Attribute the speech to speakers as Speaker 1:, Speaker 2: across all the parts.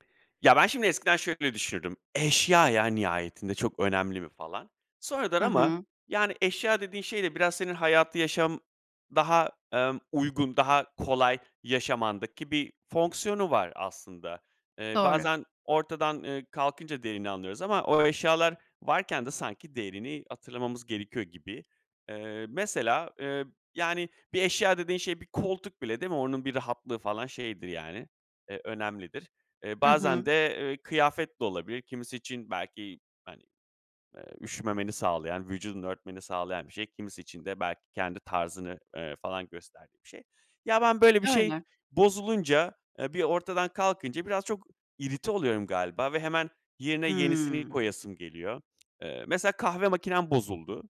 Speaker 1: Ya, ben şimdi eskiden şöyle düşünürdüm: "Eşya, ya, nihayetinde, çok önemli mi?" falan. Sonradan
Speaker 2: Hı
Speaker 1: ama,
Speaker 2: hı.
Speaker 1: yani, eşya dediğin şey de biraz senin hayatı yaşam daha, emm, uygun, daha kolay yaşamandaki bir fonksiyonu var aslında. Eee,
Speaker 2: Doğru.
Speaker 1: bazen ortadan, eee, kalkınca değerini anlıyoruz ama o eşyalar varken de sanki değerini hatırlamamız gerekiyor gibi. Eee, mesela, eee, yani, bir eşya dediğin şey, bir koltuk bile, değil mi, onun bir rahatlığı falan şeydir yani, eee, önemlidir. Eee,
Speaker 2: Hı
Speaker 1: bazen
Speaker 2: hı.
Speaker 1: de, ııı, kıyafet de olabilir. Kimisi için belki, hani, eee, üşümemeni sağlayan, vücudunu örtmeni sağlayan bir şey. Kimisi için de belki kendi tarzını, ııı, falan gösterdiği bir şey. Ya, ben, böyle, bir şey
Speaker 2: Öyle.
Speaker 1: bozulunca, eee, bir ortadan kalkınca biraz çok irite oluyorum galiba ve hemen yerine yenisini
Speaker 2: Hımm.
Speaker 1: koyasım geliyor. Eee, mesela kahve makinem bozuldu. Iıı,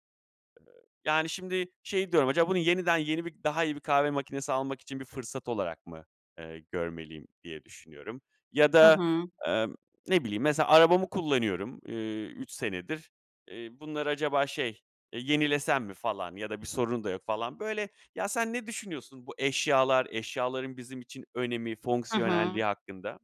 Speaker 1: yani, şimdi şey diyorum: "Acaba bunu yeniden yeni bir, daha iyi bir kahve makinesi almak için bir fırsat olarak mı, eee, görmeliyim?" diye düşünüyorum ya
Speaker 2: Hı
Speaker 1: da,
Speaker 2: hı.
Speaker 1: emm, ne bileyim, mesela arabamı kullanıyorum, eee, 3 senedir. Eee, bunları acaba şey, eee, "Yenilesem mi?" falan ya da bir sorunu da yok falan. Böyle Ya, sen ne düşünüyorsun bu eşyalar eşyaların bizim için önemi,
Speaker 2: Hı hı.
Speaker 1: fonksiyonelliği hakkında?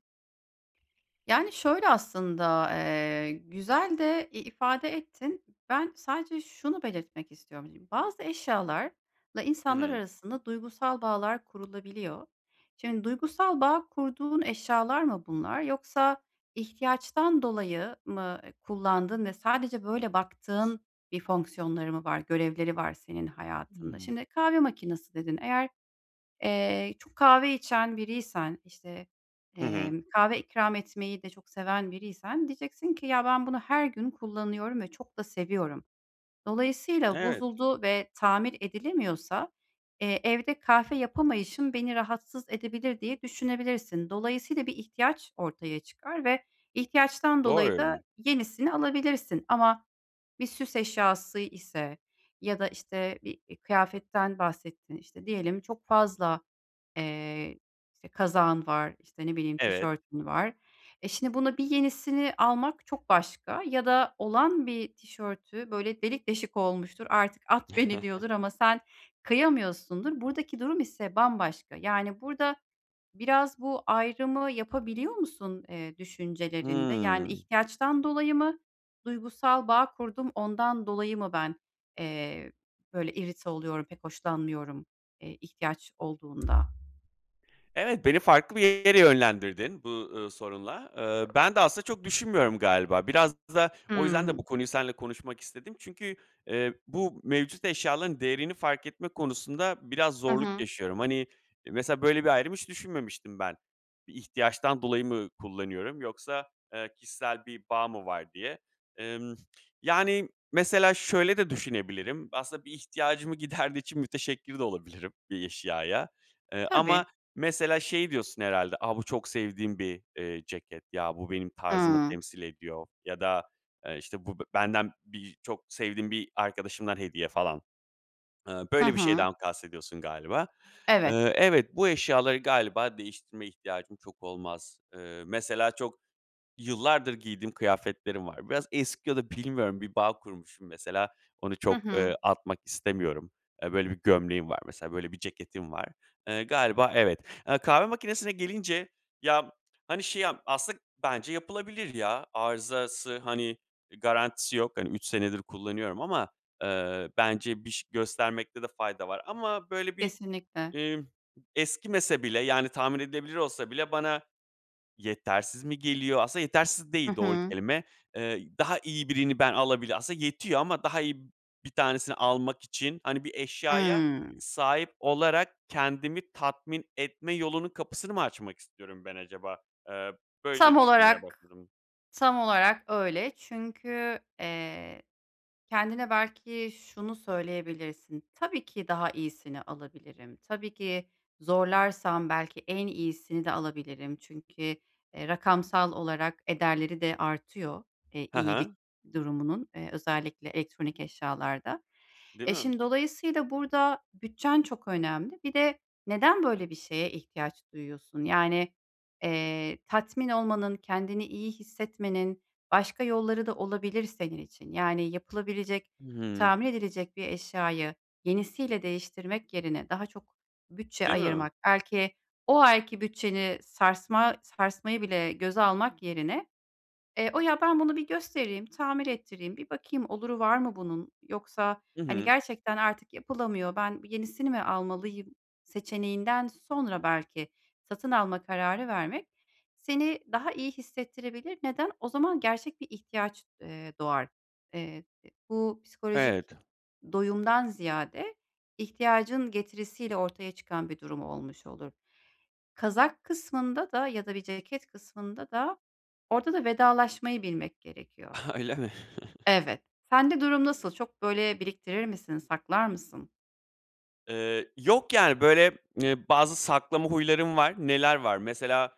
Speaker 2: Yani, şöyle aslında. Eee, güzel de i ifade ettin. Ben sadece şunu belirtmek istiyorum şimdi. Bazı eşyalarla
Speaker 1: Hı
Speaker 2: insanlar
Speaker 1: hı.
Speaker 2: arasında duygusal bağlar kurulabiliyor. Şimdi duygusal bağ kurduğun eşyalar mı bunlar yoksa ihtiyaçtan dolayı mı, eee, kullandığın ve sadece böyle baktığın bir fonksiyonları mı var, Görevleri var senin hayatında?
Speaker 1: Hıı.
Speaker 2: Şimdi "Kahve makinesi" dedin. Eğer, eee, çok kahve içen biriysen, işte,
Speaker 1: Hı hı.
Speaker 2: emm, kahve ikram etmeyi de çok seven biriysen diyeceksin ki: "Ya ben bunu her gün kullanıyorum ve çok da seviyorum. Dolayısıyla
Speaker 1: Evet.
Speaker 2: bozuldu ve tamir edilemiyorsa, eee, evde kahve yapamayışım beni rahatsız edebilir." diye düşünebilirsin. Dolayısıyla bir ihtiyaç ortaya çıkar ve ihtiyaçtan dolayı
Speaker 1: Doğru.
Speaker 2: da yenisini alabilirsin ama bir süs eşyası ise ya da işte, bir, eee, kıyafetten bahsettin, işte, diyelim çok fazla, eee, kazağın var, işte, ne bileyim
Speaker 1: Evet.
Speaker 2: tişörtün var. E, şimdi buna bir yenisini almak çok başka ya da olan bir tişörtü böyle delik deşik olmuştur, "artık at beni diyordur." ama sen kıyamıyorsundur. Buradaki durum ise bambaşka. Yani, burada biraz bu ayrımı yapabiliyor musun, eee, düşüncelerinde yani
Speaker 1: Hıı.
Speaker 2: ihtiyaçtan dolayı mı? Duygusal bağ kurdum, ondan dolayı mı ben, eee, böyle, irite oluyorum, pek hoşlanmıyorum, eee, ihtiyaç olduğunda?
Speaker 1: Evet, beni farklı bir yere yönlendirdin bu, ııı, sorunla. Eee, ben de aslında çok düşünmüyorum galiba. Biraz da o yüzden de
Speaker 2: Hıı.
Speaker 1: bu konuyu seninle konuşmak istedim. Çünkü, eee, bu mevcut eşyaların değerini fark etme konusunda biraz
Speaker 2: Hı
Speaker 1: zorluk
Speaker 2: hı.
Speaker 1: yaşıyorum. Hani, mesela böyle bir ayrım hiç düşünmemiştim ben. Bir ihtiyaçtan dolayı mı kullanıyorum yoksa, eee, kişisel bir bağ mı var diye? Emm, yani, mesela şöyle de düşünebilirim. Aslında bir ihtiyacımı giderdiği için müteşekkir de olabilirim, bir eşyaya, eee, ama
Speaker 2: Tabii.
Speaker 1: mesela şey diyorsun herhâlde. "A, bu çok sevdiğim bir, eee, ceket. Ya bu benim tarzımı
Speaker 2: Hıı.
Speaker 1: temsil ediyor" ya da, eee, işte, "Bu benden birçok sevdiğim bir arkadaşımdan hediye" falan. Eee,
Speaker 2: Hı
Speaker 1: böyle bir
Speaker 2: hı.
Speaker 1: şeyden kastediyorsun galiba.
Speaker 2: Evet.
Speaker 1: Eee, evet, bu eşyaları galiba değiştirme ihtiyacım çok olmaz. Eee, mesela çok yıllardır giydiğim kıyafetlerim var. Biraz eski ya da bilmiyorum bir bağ kurmuşum mesela. Onu
Speaker 2: Hı
Speaker 1: çok,
Speaker 2: hı.
Speaker 1: eee, atmak istemiyorum. Eee, böyle bir gömleğim var mesela. Böyle bir ceketim var. Eee, galiba evet. Eee, kahve makinesine gelince, ya hani şey, aslında bence yapılabilir ya. Arızası, hani, eee, garantisi yok. Hani, 3 senedir kullanıyorum ama, eee, bence bir ş göstermekte de fayda var ama, böyle, bir,
Speaker 2: Kesinlikle.
Speaker 1: emm, eskimese bile yani tahmin edilebilir olsa bile bana yetersiz mi geliyor? Aslında yetersiz
Speaker 2: Hı
Speaker 1: değil doğru
Speaker 2: hı.
Speaker 1: kelime. Eee, daha iyi birini ben alabilir Aslında yetiyor ama daha iyi 1 tanesini almak için, hani, bir eşyaya
Speaker 2: Hıı.
Speaker 1: sahip olarak kendimi tatmin etme yolunun kapısını mı açmak istiyorum ben acaba? Eee, böyle
Speaker 2: Tam
Speaker 1: düşünmeye
Speaker 2: olarak
Speaker 1: başladım.
Speaker 2: tam olarak öyle. Çünkü, eee, kendine belki şunu söyleyebilirsin. Tabii ki, daha iyisini alabilirim. Tabii ki, zorlarsam belki en iyisini de alabilirim. Çünkü, eee, rakamsal olarak ederleri de artıyor, eee,
Speaker 1: He
Speaker 2: iyilik
Speaker 1: he.
Speaker 2: durumunun, eee, özellikle elektronik eşyalarda.
Speaker 1: Değil
Speaker 2: E,
Speaker 1: mi?
Speaker 2: şimdi dolayısıyla burada, bütçen çok önemli. Bir de neden böyle bir şeye ihtiyaç duyuyorsun? Yani, eee, tatmin olmanın, kendini iyi hissetmenin, başka yolları da olabilir senin için, yani, yapılabilecek,
Speaker 1: Hıı.
Speaker 2: tamir edilecek bir eşyayı yenisiyle değiştirmek yerine daha çok bütçe
Speaker 1: Değil mi?
Speaker 2: ayırmak, belki o ayki bütçeni sarsma sarsmayı bile göze almak yerine, eee, "O ya ben bunu bir göstereyim, tamir ettireyim, bir bakayım oluru var mı bunun yoksa,
Speaker 1: Hı
Speaker 2: hani,
Speaker 1: hı.
Speaker 2: gerçekten artık yapılamıyor, ben yenisini mi almalıyım?" seçeneğinden sonra belki satın alma kararı vermek seni daha iyi hissettirebilir. Neden? O zaman gerçek bir ihtiyaç, eee, doğar. Eee, eee, bu psikolojik
Speaker 1: Evet.
Speaker 2: doyumdan ziyade ihtiyacın getirisiyle ortaya çıkan bir durum olmuş olur. Kazak kısmında da ya da bir ceket kısmında da orada da vedalaşmayı bilmek gerekiyor.
Speaker 1: Öyle mi?
Speaker 2: Evet. Sende durum nasıl? Çok böyle biriktirir misin? Saklar mısın?
Speaker 1: Eee, yok yani, böyle, eee, bazı saklama huylarım var. Neler var: Mesela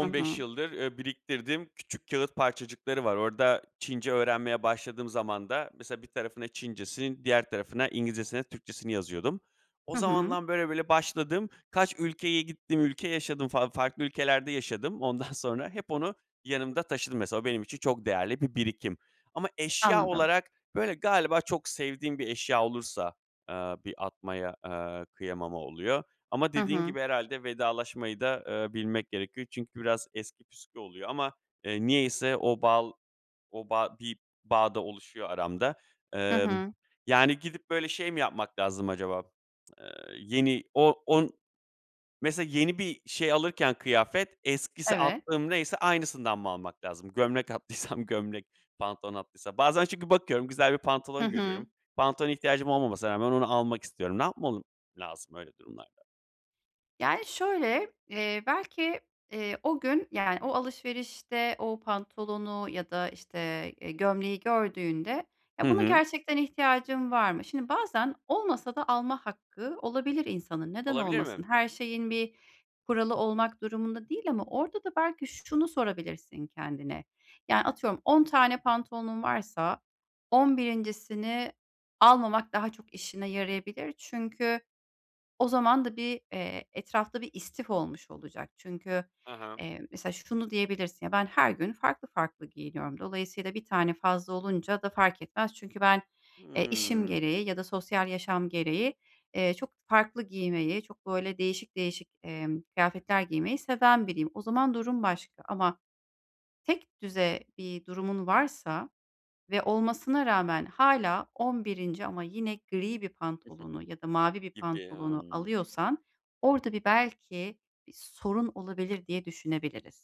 Speaker 2: Hı hı.
Speaker 1: yıldır, eee, biriktirdiğim küçük kâğıt parçacıkları var. Orada, Çince öğrenmeye başladığım zamanda mesela bir tarafına Çincesini, diğer tarafına İngilizcesini, Türkçesini yazıyordum. O
Speaker 2: Hı hı.
Speaker 1: zamandan, böyle böyle başladım. Kaç ülkeye gittim, ülke yaşadım falan farklı ülkelerde yaşadım. Ondan sonra hep onu yanımda taşıdım mesela. O benim için çok değerli bir birikim ama eşya
Speaker 2: Anladım.
Speaker 1: olarak, böyle, galiba çok sevdiğim bir eşya olursa, eee, bir atmaya, eee, kıyamama oluyor ama
Speaker 2: Hı
Speaker 1: dediğin
Speaker 2: hı.
Speaker 1: gibi, herhâlde vedalaşmayı da, eee, bilmek gerekiyor çünkü biraz eski püskü oluyor ama, eee, niyeyse o bal o bağ bir bağ da oluşuyor aramda.
Speaker 2: Hı
Speaker 1: Emm,
Speaker 2: hı.
Speaker 1: yani, gidip böyle, şey mi yapmak lazım acaba? Iıı, yeni o on mesela yeni bir şey alırken, kıyafet, eskisi,
Speaker 2: Evet.
Speaker 1: attığım neyse aynısından mı almak lazım? Gömlek attıysam gömlek, pantolon attıysam. Bazen çünkü bakıyorum güzel bir
Speaker 2: Hı
Speaker 1: pantolon
Speaker 2: hı.
Speaker 1: görüyorum. Pantolona ihtiyacım olmamasına rağmen onu almak istiyorum. Ne yapmalım lazım öyle durumlarda?
Speaker 2: Yani şöyle, eee, belki, eee, o gün, yani, o alışverişte o pantolonu ya da, işte, e, gömleği gördüğünde ya,
Speaker 1: Hı
Speaker 2: buna
Speaker 1: hı.
Speaker 2: gerçekten ihtiyacım var mı? Şimdi bazen olmasa da alma hakkı olabilir insanın, neden
Speaker 1: Olabilir
Speaker 2: olmasın?
Speaker 1: mi?
Speaker 2: Her şeyin bir kuralı olmak durumunda değil, ama orada da belki şunu sorabilirsin kendine. Yani, atıyorum 10 tane pantolonun varsa 11'incisini almamak daha çok işine yarayabilir. Çünkü o zaman da bir, eee, etrafta bir istif olmuş olacak. Çünkü,
Speaker 1: Ha ha.
Speaker 2: eee, mesela şunu diyebilirsin: Ya, ben her gün farklı farklı giyiniyorum. Dolayısıyla bir tane fazla olunca da fark etmez. Çünkü ben, eee, işim
Speaker 1: Hımm.
Speaker 2: gereği ya da sosyal yaşam gereği, eee, çok farklı giymeyi, çok böyle değişik değişik, emm, kıyafetler giymeyi seven biriyim. O zaman durum başka, ama tekdüze bir durumun varsa ve olmasına rağmen hâlâ 11'inci ama yine gri bir pantolonu ya da mavi bir
Speaker 1: Gibi,
Speaker 2: pantolonu
Speaker 1: hımm.
Speaker 2: alıyorsan orada bir belki bir sorun olabilir diye düşünebiliriz.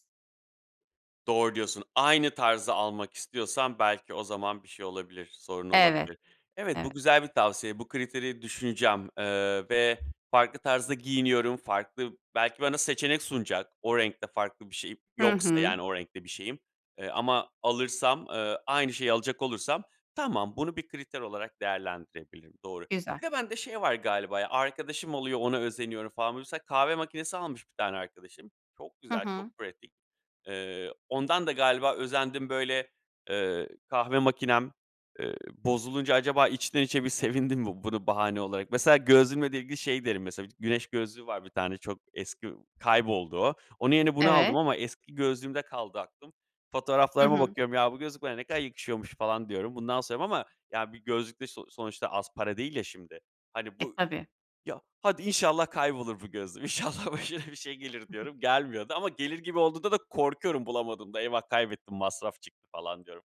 Speaker 1: Doğru diyorsun. Aynı tarzı almak istiyorsam belki o zaman bir şey olabilir, sorun
Speaker 2: Evet.
Speaker 1: olabilir. Evet,
Speaker 2: Evet.
Speaker 1: bu güzel bir tavsiye. Bu kriteri düşüneceğim, eee, ve farklı tarzda giyiniyorum. Farklı belki bana seçenek sunacak o renkte farklı bir şey
Speaker 2: Hı
Speaker 1: yoksa,
Speaker 2: hı.
Speaker 1: yani, o renkte bir şeyim, eee, ama alırsam, eee, aynı şeyi alacak olursam tamam, bunu bir kriter olarak değerlendirebilirim. Doğru.
Speaker 2: Güzel.
Speaker 1: Bir de bende şey var galiba ya, arkadaşım oluyor, ona özeniyorum falan. Mesela kahve makinesi almış bir tane arkadaşım. Çok
Speaker 2: Hı
Speaker 1: güzel, çok
Speaker 2: hı.
Speaker 1: pratik. Eee, ondan da galiba özendim böyle, eee, kahve makinem, eee, bozulunca acaba içten içe bir sevindim mi bunu bahane olarak. Mesela gözlüğümle de ilgili şey derim mesela. Güneş gözlüğü var bir tane çok eski kayboldu o. Onun yerine bunu aldım
Speaker 2: Evet.
Speaker 1: ama eski gözlüğümde kaldı aklım.
Speaker 2: Hı
Speaker 1: Fotoğraflarıma
Speaker 2: hı.
Speaker 1: bakıyorum: "Ya, bu gözlük bana ne kadar yakışıyormuş!" falan diyorum. Bundan, [unintelligible] ama ya bir gözlük de so sonuçta az para değil ya şimdi. Hani,
Speaker 2: E,
Speaker 1: bu
Speaker 2: tabii.
Speaker 1: "Ya, hadi inşallah kaybolur bu gözlüğüm. İnşallah başına bir şey gelir." diyorum. Gelmiyor da ama gelir gibi olduğunda da korkuyorum bulamadığımda. "Eyvah, kaybettim masraf çıktı!" falan diyorum.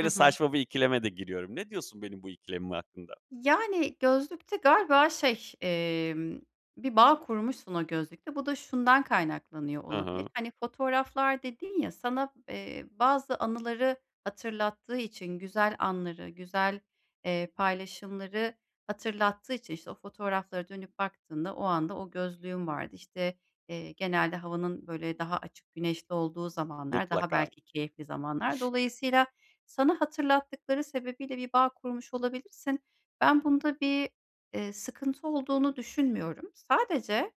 Speaker 2: Hı hı.
Speaker 1: saçma bir ikileme de giriyorum. Ne diyorsun benim bu ikilemim hakkında?
Speaker 2: Yani, gözlükte galiba şey, emm, bir bağ kurmuşsun o gözlükle. Bu da şundan kaynaklanıyor
Speaker 1: Hı hı.
Speaker 2: olabilir. Hani, fotoğraflar dedin ya, sana, eee, bazı anıları hatırlattığı için güzel anları, güzel, eee, paylaşımları hatırlattığı için, işte, o fotoğraflara dönüp baktığında, o anda o gözlüğün vardı. İşte, eee, genelde havanın böyle daha açık güneşli olduğu zamanlar, daha
Speaker 1: Mutlaka.
Speaker 2: belki keyifli zamanlar. Dolayısıyla, sana hatırlattıkları sebebiyle bir bağ kurmuş olabilirsin. Ben bunda bir, eee, sıkıntı olduğunu düşünmüyorum. Sadece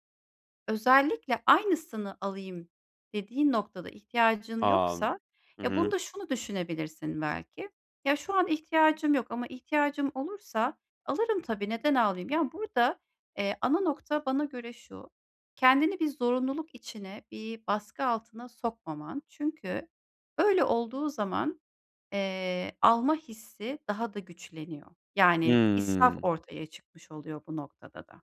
Speaker 2: özellikle aynısını alayım dediğin noktada ihtiyacın
Speaker 1: A!
Speaker 2: yoksa,
Speaker 1: Hı
Speaker 2: eee,
Speaker 1: hı.
Speaker 2: bunda şunu düşünebilirsin belki: "Ya, şu an ihtiyacım yok ama ihtiyacım olursa alırım tabii. Neden almayayım?" Ya, burada, eee, ana nokta bana göre şu: Kendini bir zorunluluk içine, bir baskı altına sokmaman. Çünkü öyle olduğu zaman, eee, alma hissi daha da güçleniyor. Yani, israf
Speaker 1: Imm.
Speaker 2: ortaya çıkmış oluyor bu noktada da.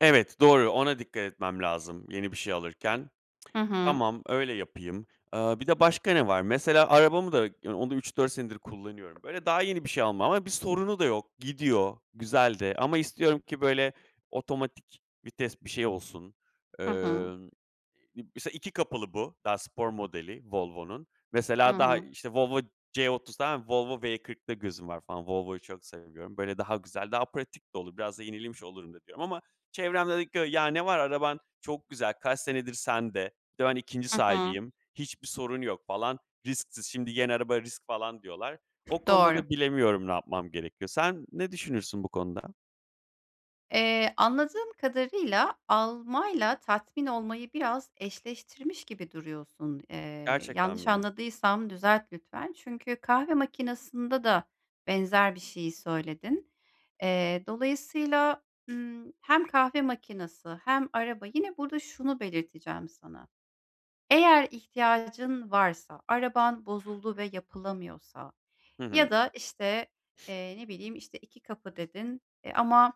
Speaker 1: Evet, doğru; ona dikkat etmem lazım yeni bir şey alırken.
Speaker 2: Hı hı.
Speaker 1: Tamam, öyle yapayım. Eee, bir de başka ne var? Mesela arabamı da yan onu da 3-4 senedir kullanıyorum. Böyle daha yeni bir şey almam ama bir sorunu da yok; gidiyor, güzel de. Ama istiyorum ki böyle otomatik vites bir şey olsun.
Speaker 2: Hı hı.
Speaker 1: Emm, m mesela 2 kapılı bu, daha spor modeli Volvo'nun.
Speaker 2: Hı
Speaker 1: Mesela, daha,
Speaker 2: hı.
Speaker 1: işte, Volvo C30 tamam mı, Volvo V40'ta gözüm var falan; Volvo'yu çok seviyorum. Böyle daha güzel, daha pratik de olur. Biraz da yenilemiş olurum da diyorum ama çevrem de diyor ki "Ya, ne var, araban çok güzel, kaç senedir sende." Bir de ben 2'nci
Speaker 2: Hı hı.
Speaker 1: sahibiyim. Hiçbir sorun yok falan, risksiz; şimdi yeni araba risk falan diyorlar. O konuda
Speaker 2: Doğru.
Speaker 1: da bilemiyorum ne yapmam gerekiyor. Sen ne düşünürsün bu konuda?
Speaker 2: Eee, anladığım kadarıyla almayla tatmin olmayı biraz eşleştirmiş gibi duruyorsun. Eee,
Speaker 1: Gerçekten
Speaker 2: yanlış
Speaker 1: mem
Speaker 2: anladıysam düzelt lütfen. Çünkü kahve makinasında da benzer bir şeyi söyledin. Eee, dolayısıyla, ımm, hem kahve makinesi hem araba burada şunu belirteceğim sana. Eğer ihtiyacın varsa, araban bozuldu ve yapılamıyorsa
Speaker 1: Hı hı.
Speaker 2: ya da işte, eee, ne bileyim, işte, 2 kapı dedin, eee, ama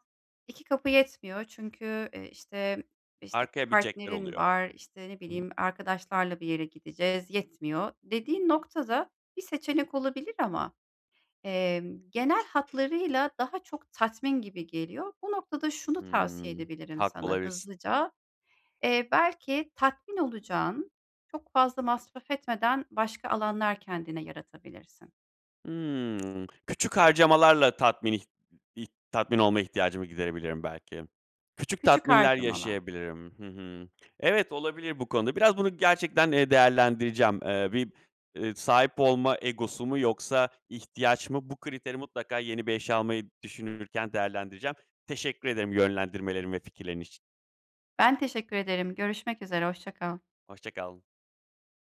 Speaker 2: 2 kapı yetmiyor çünkü, eee, işte, işte
Speaker 1: Arkaya binecekler
Speaker 2: partnerin
Speaker 1: oluyor,
Speaker 2: var; işte, ne
Speaker 1: hımm.
Speaker 2: bileyim, arkadaşlarla bir yere gideceğiz, yetmiyor dediğin noktada bir seçenek olabilir ama, emm, genel hatlarıyla daha çok tatmin gibi geliyor. Bu noktada şunu tavsiye
Speaker 1: Hımm,
Speaker 2: edebilirim
Speaker 1: haklı
Speaker 2: sana
Speaker 1: olabilirsin.
Speaker 2: hızlıca: Eee, belki tatmin olacağın, çok fazla masraf etmeden başka alanlar kendine yaratabilirsin.
Speaker 1: Hımm. Küçük harcamalarla tatmin ih ih tatmin olma ihtiyacımı giderebilirim belki. Küçük
Speaker 2: Küçük
Speaker 1: tatminler
Speaker 2: harcamalar.
Speaker 1: yaşayabilirim. Hı hı, evet olabilir bu konuda; biraz bunu gerçekten, eee, değerlendireceğim. Eee, bir, eee, sahip olma egosu mu yoksa ihtiyaç mı? Bu kriteri mutlaka yeni bir eşya almayı düşünürken değerlendireceğim. Teşekkür ederim yönlendirmelerin ve fikirlerin için.
Speaker 2: Ben teşekkür ederim. Görüşmek üzere, hoşça kal.
Speaker 1: Hoşça kal.